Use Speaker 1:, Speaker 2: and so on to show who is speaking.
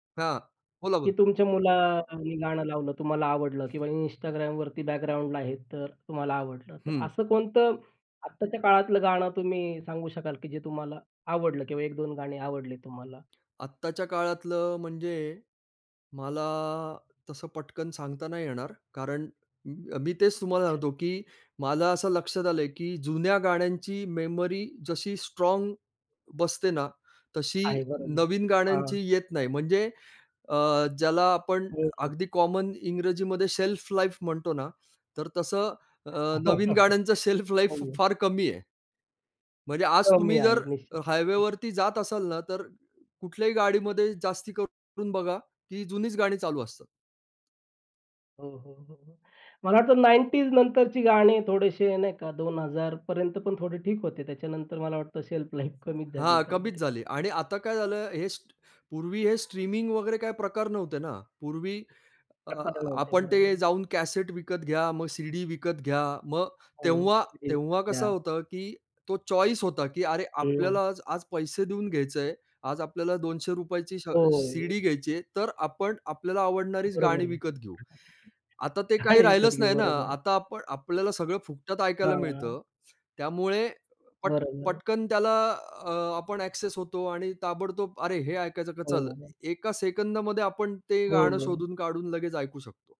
Speaker 1: हां, बोला,
Speaker 2: की
Speaker 1: बोला.
Speaker 2: तुमच्या मुलांनी गाणं लावलं, तुम्हाला आवडलं किंवा Instagramवरती बॅकग्राऊंडला आहे, तर तुम्हाला आवडलं, तर
Speaker 1: हं.
Speaker 2: असं अ, कोणतं आत्ताच्या काळातलं गाणं तुम्ही सांगू शकाल, की जे तुम्हाला आवडलं किंवा 1-2 गाणी आवडली तुम्हाला?
Speaker 1: आत्ताच्या काळातलं म्हणजे मला तसं पटकन सांगता नाही येणार कारण अ, म मी तेच तुम्हाला
Speaker 2: अच्छा.
Speaker 1: सांगतो, की मला असं लक्षात आलंय, की जुन्या गाण्यांची मेमरी जशी स्ट्राँग बसते ना, तशी
Speaker 2: आहे बरोबर.
Speaker 1: नवीन गाण्यांची
Speaker 2: हां.
Speaker 1: येत नाही. म्हणजे अ, ज्याला आपण
Speaker 2: हो,
Speaker 1: अगदी
Speaker 2: हो.
Speaker 1: कॉमन इंग्रजीमध्ये शेल्फलाईफ म्हणतो ना, तर तसं अ, नवीन गाण्यांचं शेल्फलाईफ
Speaker 2: हो.
Speaker 1: फार कमी आहे. म्हणजे आज
Speaker 2: कमी
Speaker 1: तुम्ही जर
Speaker 2: आहे
Speaker 1: अ,
Speaker 2: निश्चितच. हं.
Speaker 1: हायवेवरती जात असाल ना, तर कुठल्याही गाडीमध्ये जास्ती करून बघा, ती जुनीच गाणी चालू असतात.
Speaker 2: हो, हो, हो, हो. मला वाटतं 90s नंतरची गाणी थोडेसे नाही का 2000 पण थोडे ठीक होते. त्याच्यानंतर मला वाटतं शेल्फलाईफ कमीच झाली
Speaker 1: हां, कमीच
Speaker 2: एकंदरीत.
Speaker 1: झाली आणि आता काय झालं हे स्ट्र पूर्वी हे स्ट्रीमिंग वगैरे काही प्रकार नव्हते ना. पूर्वी अ,
Speaker 2: [unintelligible] होते
Speaker 1: आपण
Speaker 2: बरोबर
Speaker 1: ते
Speaker 2: आहे.
Speaker 1: जाऊन कॅसेट विकत घ्या, मग सीडी विकत घ्या, मग
Speaker 2: हो,
Speaker 1: तेव्हा तेव्हा कसं
Speaker 2: [unintelligible]
Speaker 1: होतं, की तो चॉईस होता, की अरे,
Speaker 2: हं.
Speaker 1: आपल्याला आज आज पैसे देऊन घ्यायचंय. आज आपल्याला ₹200 ची श अ,
Speaker 2: हो.
Speaker 1: सीडी घ्यायची आहे, तर आपण आपल्याला आवडणारीच
Speaker 2: बरोबर
Speaker 1: गाणी
Speaker 2: आहे.
Speaker 1: विकत घेऊ. आता ते
Speaker 2: [unintelligible]
Speaker 1: काही
Speaker 2: आणि विकत
Speaker 1: राहिलंच
Speaker 2: घेऊ.
Speaker 1: नाही ना.
Speaker 2: बरोबर आहे.
Speaker 1: आता आपण आपल्याला सगळं फुकटात ऐकायला
Speaker 2: हां, हां.
Speaker 1: मिळतं. त्यामुळे पट
Speaker 2: बरोबर आहे.
Speaker 1: पटकन त्याला अ, आपण अ‍ॅक्सेस होतो आणि ताबडतोब अरे, हे ऐकायचं का,
Speaker 2: हो,
Speaker 1: चल
Speaker 2: हो.
Speaker 1: एका सेकंदमध्ये आपण ते
Speaker 2: हो,
Speaker 1: गाणं
Speaker 2: हो.
Speaker 1: शोधून काढून लगेच ऐकू शकतो.